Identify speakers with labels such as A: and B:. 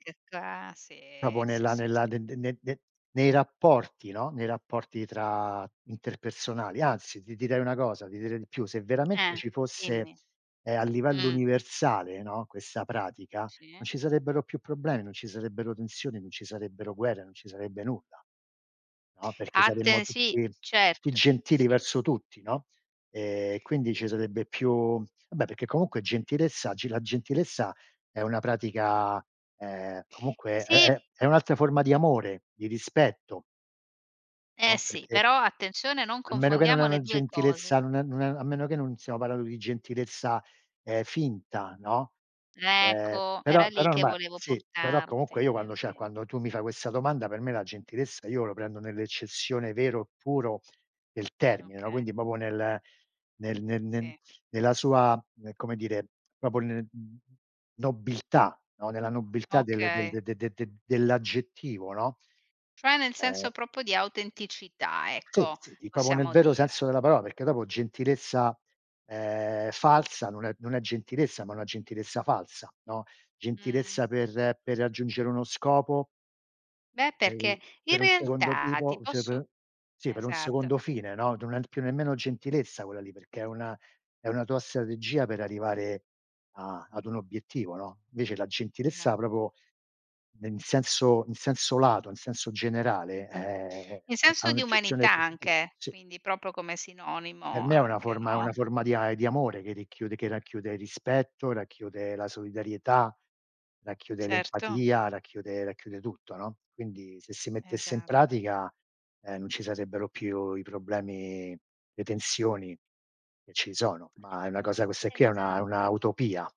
A: Che ca sì,
B: Proprio
A: sì,
B: nella
A: sì, s
B: nella de de ne de nei rapporti, no, nei rapporti tra interpersonali. Anzi, ti direi una cosa, ti direi di più: se veramente
A: Eh,
B: ci fosse,
A: dimmi,
B: ehm, a livello
A: mh.
B: universale, no, questa pratica, non
A: Sì?
B: ci sarebbero più problemi, non ci sarebbero tensioni, non ci sarebbero guerre, non ci sarebbe nulla, no, perché saremmo
A: Atten sì,
B: tutti tutti
A: certo,
B: gentili
A: sì.
B: verso tutti, no, ehm, quindi ci sarebbe più vabbè, perché comunque gentilezza oggi la gentilezza è una pratica ehm, comunque è
A: Sì.
B: è è un'altra forma di amore, di rispetto.
A: Eh,
B: No,
A: sì,
B: perché
A: però attenzione: non
B: a meno che non è
A: confondiamo le
B: una
A: 2 cose.
B: gentilezza non è non è a meno che non stiamo parlando di gentilezza, ehm, finta, no, ehm,
A: Ecco, era
B: però
A: lì
B: però
A: che
B: ormai
A: volevo
B: sì, però comunque
A: portarti,
B: io
A: è
B: quando cioè,
A: ve
B: quando tu mi fai questa domanda, per me la gentilezza io la prendo nell'eccezione vero e puro del termine, no,
A: Okay.
B: quindi proprio nel nel nel nel
A: Sì.
B: nella sua, ehm, come dire, proprio n nobiltà, no, nella nobiltà del
A: Okay.
B: de de de dell'aggettivo, no?
A: Cioè nel
B: Eh.
A: senso proprio di autenticità,
B: Sì,
A: ecco,
B: sì, proprio nel
A: possiamo
B: vero senso
A: dire.
B: della parola perché dopo gentilezza, ehm, falsa, non è non è gentilezza, ma una gentilezza falsa, no,
A: Mh.
B: gentilezza per per raggiungere uno scopo
A: Beh,
B: ehm, l
A: perché, in
B: per un secondo
A: realtà, ti
B: tipo, cioè,
A: posso
B: pe sì, per un
A: esatto.
B: secondo fine, no, non è p più nemmeno gentilezza quella lì, perché è una è una tua strategia per arrivare a ad un obiettivo, no, invece la gentilezza
A: Già.
B: proprio nel senso in senso lato, in senso generale, ehm,
A: In
B: ha
A: senso di
B: un'accezione
A: umanità anche,
B: sì.
A: quindi proprio come
B: Per
A: sinonimo
B: me è una
A: anche,
B: forma è una
A: no?
B: forma di a di amore che ricchiude che racchiude rispetto, racchiude la solidarietà, racchiude
A: Certo.
B: l'empatia, racchiude racchiude tutto, no, quindi, se si mettesse in
A: Esatto.
B: pratica, ehm, non ci sarebbero più i problemi, le tensioni che ci sono, ma è una cosa questa qui è una è
A: Esat
B: una utopia.